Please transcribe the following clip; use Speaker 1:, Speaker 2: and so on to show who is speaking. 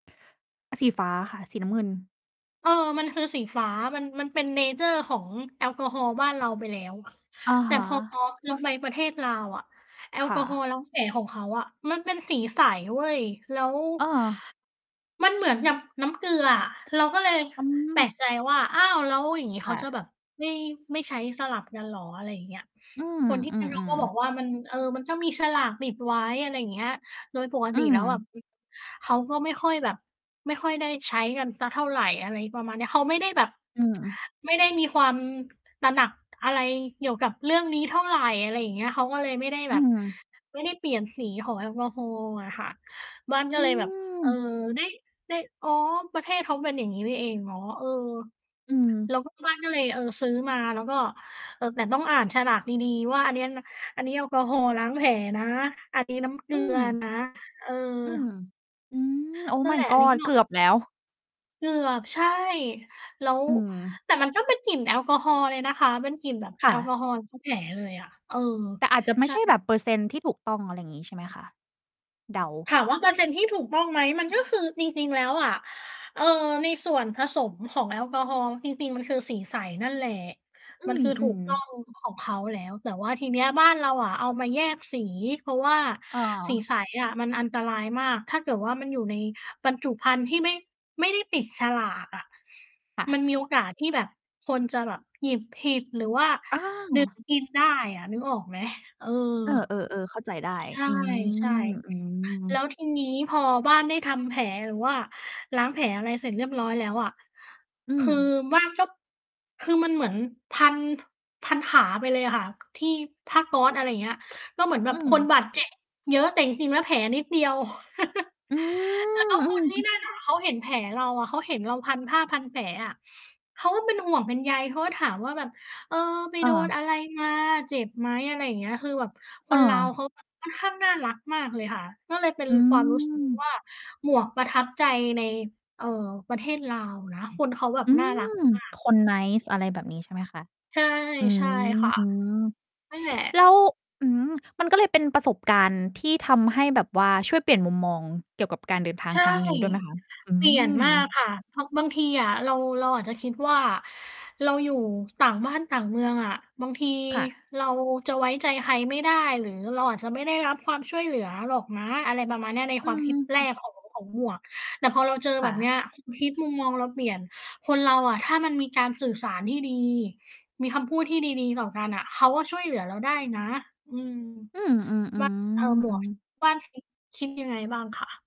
Speaker 1: สีฟ้าค่ะ สีน้ำเงิน
Speaker 2: เออ มันคือสีฟ้า มัน มันเป็น เนเชอร์ ของแอลกอฮอล์บ้านเราไปแล้ว
Speaker 1: อะ
Speaker 2: แต่
Speaker 1: ฮะ
Speaker 2: พอ พอเราไปประเทศลาวอะ แอล
Speaker 1: ค
Speaker 2: ก
Speaker 1: ่
Speaker 2: อฮอล
Speaker 1: ะ
Speaker 2: ์ล้างแผลของเขาอะมันเป็นสีใสเว้ย แล้ว
Speaker 1: อ้อ
Speaker 2: มันเหมือนกับน้ำเกลืออะ เราก็เลย
Speaker 1: อื
Speaker 2: แปล
Speaker 1: ม
Speaker 2: กใจว่า "อ้าว แล้วอย่างงี้เ
Speaker 1: ค
Speaker 2: ขา
Speaker 1: ่
Speaker 2: จะ
Speaker 1: ะ
Speaker 2: แบบไม่ ไม่ใช้สลับกันเหรอ?" อะไรอย่างเงี้ย
Speaker 1: อืม
Speaker 2: คนที่
Speaker 1: อื
Speaker 2: นู่น ก
Speaker 1: อ
Speaker 2: ็บอก
Speaker 1: ๆ
Speaker 2: ว่า "มัน เออ มันก็มีฉลากติดไว้" อะไรอย่างเงี้ย โดยปก
Speaker 1: อ
Speaker 2: ต
Speaker 1: ื
Speaker 2: ิแล้วแบบ
Speaker 1: ม
Speaker 2: อ เขาก็ไม่ค่อยแบบ ไม่ค่อยได้ใช้กันสักเท่าไร อะไรประมาณเนี้ย เขาไม่ได้แบบ
Speaker 1: อืม
Speaker 2: ไม่ได้มีความ ตระหนัก อะไรเกี่ยวกับเรื่องนี้เท่าไร อะไรอย่างเงี้ย เขาก็เลยไม่ได้
Speaker 1: อ
Speaker 2: แ
Speaker 1: ื
Speaker 2: บบ
Speaker 1: ม
Speaker 2: ไม่ได้เปลี่ยนสีของแอลกอฮอล์อะค่ะ บ้านก็
Speaker 1: อื
Speaker 2: เลยแบบ เออ
Speaker 1: ม
Speaker 2: ได้ ได้ อ๋อ ประเทศเขาเป็นอย่างงี้นี่เอง อ๋อ เออ
Speaker 1: อื
Speaker 2: แ
Speaker 1: ม
Speaker 2: ล้วก็บ้านก็เลย เออ ซื้อมา แล้วก็ เออ แต่ต้องอ่านฉลากดี ๆ ว่า อันเนี้ยนะ อันนี้แอลกอฮอล์ล้างแผลนะ อันนี้น้ำ เก
Speaker 1: อ
Speaker 2: ลื
Speaker 1: ื
Speaker 2: อ
Speaker 1: ม
Speaker 2: นะ เอ
Speaker 1: อืม
Speaker 2: อ
Speaker 1: อือ Oh
Speaker 2: นั่นแ
Speaker 1: my
Speaker 2: หละ อันนี้
Speaker 1: god
Speaker 2: ก็
Speaker 1: เกือบแล้ว
Speaker 2: เกือบ ใช่ แล้ว
Speaker 1: อืม
Speaker 2: แต่มันก็เป็นกลิ่นแอลกอฮอล์เลยนะคะ เป็นกลิ่นแบบ
Speaker 1: ค
Speaker 2: แ
Speaker 1: ่
Speaker 2: อลก
Speaker 1: ะ
Speaker 2: อฮอล์ล้างแผลเลยอะ เออ
Speaker 1: แต่อาจจะไม
Speaker 2: ใ
Speaker 1: ่
Speaker 2: ช่
Speaker 1: ใช่แบบเปอร์เซ็นต์ที่ถูกต้อง อะไรอย่างงี้ใช่ไหมคะ? เดา
Speaker 2: ถามว่าเปอร์เซ็นต์ที่ถูกต้องไหม มันก็คือ จริง ๆ แล้วอะ เอ่อ ในส่วนผสมของแอลกอฮอล์จริง ๆ มันคือสีใสนั่นแหละ
Speaker 1: อื
Speaker 2: มันคือถูก
Speaker 1: อ
Speaker 2: ต้อ
Speaker 1: ๆ
Speaker 2: ง ของเขาแล้ว แต่ว่าทีเนี้ยบ้านเราอะเอามาแยกสี เพราะว่า
Speaker 1: เ
Speaker 2: สี
Speaker 1: ออ
Speaker 2: ใสอะมันอันตรายมาก ถ้าเกิดว่ามันอยู่ในบรรจุภัณฑ์ที่ไม่ ไม่ได้ปิดฉลากอะ
Speaker 1: ค่ะ
Speaker 2: มันมีโอกาสที่แบบคนจะแบบหยิบผิด หรือว่า
Speaker 1: อ
Speaker 2: ดื่ม
Speaker 1: า
Speaker 2: กินได้อะ นึกออกไหม? เออ
Speaker 1: เออ ๆ ๆ เข้าใจได้
Speaker 2: ใ
Speaker 1: อื
Speaker 2: ช่
Speaker 1: ม อืม
Speaker 2: ๆ แล้วทีนี้พอบ้านได้ทำแผลหรือว่าล้างแผล อะไรเสร็จเรียบร้อยแล้วอะ
Speaker 1: อื
Speaker 2: คือ
Speaker 1: ม
Speaker 2: บ้าน ก็ คือมันเหมือนพัน พันขาไปเลยอะค่ะ ที่ผ้าก๊อซ อะไรเงี้ย เราเหมือนแบ
Speaker 1: อื
Speaker 2: บคน
Speaker 1: ม
Speaker 2: บาด เจ็บ เยอะ แต่จริง ๆ แล้วแผลนิดเดียว
Speaker 1: อืม
Speaker 2: แล้วก็
Speaker 1: อื
Speaker 2: คนที่
Speaker 1: ม
Speaker 2: นั่นน่ะ เขาเห็นแผลเราอะ เขาเห็นเราพันผ้าพันแผลอะ เขาก็เป็นห่วงเป็นใย เขาก็ถามว่าแบบ "เออ ไป
Speaker 1: อ
Speaker 2: โดน
Speaker 1: า
Speaker 2: อะไรมา เจ็บไหม?" อะไรอย่างเงี้ย คือแบบค
Speaker 1: เ
Speaker 2: นลาว
Speaker 1: ออ
Speaker 2: เขา แบบ ค่อนข้างน่ารักมากเลยค่ะ ก็เลยเป็น
Speaker 1: อื
Speaker 2: ความรู้สึก
Speaker 1: ม
Speaker 2: ว่า หมวกประทับใจใน เอ่อ ประเทศลาวนะ คนเขาแบบ
Speaker 1: อื
Speaker 2: น่ารัก
Speaker 1: ม
Speaker 2: ม
Speaker 1: คน
Speaker 2: า
Speaker 1: nice
Speaker 2: ก
Speaker 1: อะ
Speaker 2: ๆ
Speaker 1: ไรแบบนี้ใช่ไหมคะ?
Speaker 2: ใช่
Speaker 1: อื
Speaker 2: ใช
Speaker 1: ม
Speaker 2: ่ค่ะ
Speaker 1: อืม
Speaker 2: นั่นแหละ
Speaker 1: แล้ว อืม มันก็เลยเป็นประสบการณ์ที่ทำให้แบบว่าช่วยเปลี่ยนมุมมองเกี่ยวกับการเดินทา
Speaker 2: ใ
Speaker 1: ง
Speaker 2: ช่
Speaker 1: ครั้งนี้ด้วยไหมคะ? อื
Speaker 2: เปลี่ยนมาก
Speaker 1: ม
Speaker 2: ค่ะ เพราะบางทีอะเรา เราอาจจะคิดว่า เราอยู่ต่างบ้านต่างเมืองอะ บางที
Speaker 1: ค่ะ
Speaker 2: เราจะไว้ใจใครไม่ได้ หรือเราอาจจะไม่ได้รับความช่วยเหลือหรอกนะ อะไรประมาณเนี้ย ใน
Speaker 1: อ
Speaker 2: ค
Speaker 1: ื
Speaker 2: วามค
Speaker 1: ม
Speaker 2: ิดแร
Speaker 1: อ
Speaker 2: ก ของ ของหมวก แต่พอเราเจอ
Speaker 1: ค
Speaker 2: แบ
Speaker 1: ่
Speaker 2: บเ
Speaker 1: ะ
Speaker 2: นี้ย ความคิดมุมมองเราเปลี่ยน คนเราอะถ้ามันมีการสื่อสารที่ดี มีคำพูดที่ดี ๆ ต่อกันน่ะเขาก็ช่วยเหลือเราได้นะ อืม
Speaker 1: อืม อือ
Speaker 2: บ้าน เออ หม
Speaker 1: ๆ อื
Speaker 2: วก
Speaker 1: อ
Speaker 2: บ้าน คิด คิดยังไงบ้างคะ?